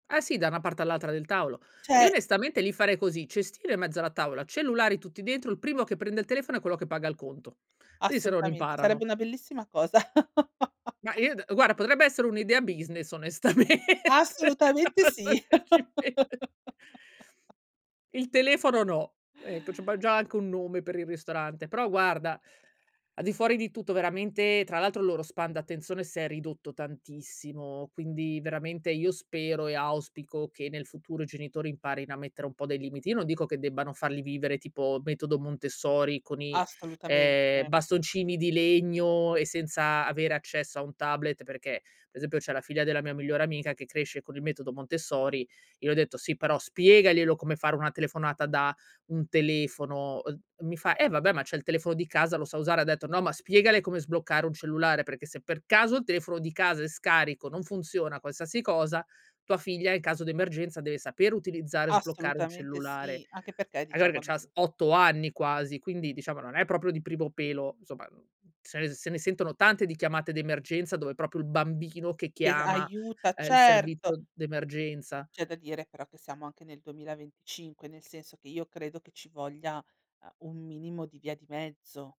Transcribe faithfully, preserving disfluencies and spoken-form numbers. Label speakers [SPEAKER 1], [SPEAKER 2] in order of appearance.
[SPEAKER 1] Ah, sì, da 'na parte all'altra del taolo. Io
[SPEAKER 2] Ce
[SPEAKER 1] onestamente lì farei così: cestino in mezzo alla tavola, cellulari tutti dentro, il primo che prende il telefono è quello che paga il conto. I se non
[SPEAKER 2] Assolutamente, sarebbe
[SPEAKER 1] imparano.
[SPEAKER 2] una bellissima cosa.
[SPEAKER 1] Ma i d guarda potrebbe essere un'idea business onestamente,
[SPEAKER 2] Assolutamente, sì!
[SPEAKER 1] adesso che ci pen Il telefono no. Ecco, abbam già anche un nome per il ristorante, però, guarda al di fuori di tutto, veramente, tra l'altro, il loro span d'attenzione s'è ridotto tantissimo, quindi veramente io spero e auspico, che nel futuro i genitori imparino a mettere un po' dei limiti. Io non dico, che debbano farli vivere tipo metodo Montessori, con i ehm,
[SPEAKER 2] Assolutamente.
[SPEAKER 1] bastoncini di legno e senza avere accesso a un tablet, perché, pe' esempio, c'è la figlia della mia migliore amica, che cresce con il metodo Montessori, io ho detto: "Sì, però spiegaglielo come fare una telefonata da un telefono", uhm, mi fa: "Eh, vabbè, ma c'è il telefono di casa, lo sa usare" ha detto: "No, ma spiegale come sbloccare un cellulare, perché se per caso il telefono di casa è scarico, non funziona, qualsasi cosa, tua figlia, in caso di emergenza, deve saper utilizzare e sbloccare un
[SPEAKER 2] Assolutamente,
[SPEAKER 1] cellulare".
[SPEAKER 2] sì! Anche perché, diciamo
[SPEAKER 1] [unintelligible] c'ha s
[SPEAKER 2] [unintelligible]
[SPEAKER 1] otto anni quasi, quindi diciamo non è proprio di primo pelo, somma, n se ne se ne sentono tante di chiamate d'emergenza, dove propio il bambino che
[SPEAKER 2] Che
[SPEAKER 1] chiama,
[SPEAKER 2] aiuta,
[SPEAKER 1] uhm, il
[SPEAKER 2] certo.
[SPEAKER 1] servizo d'emergenza.
[SPEAKER 2] C'è da dire però, che siamo anche nel duemilaventicinque, nel senso che, io credo che ci voglia, uhm, un minimo di via di mezzo.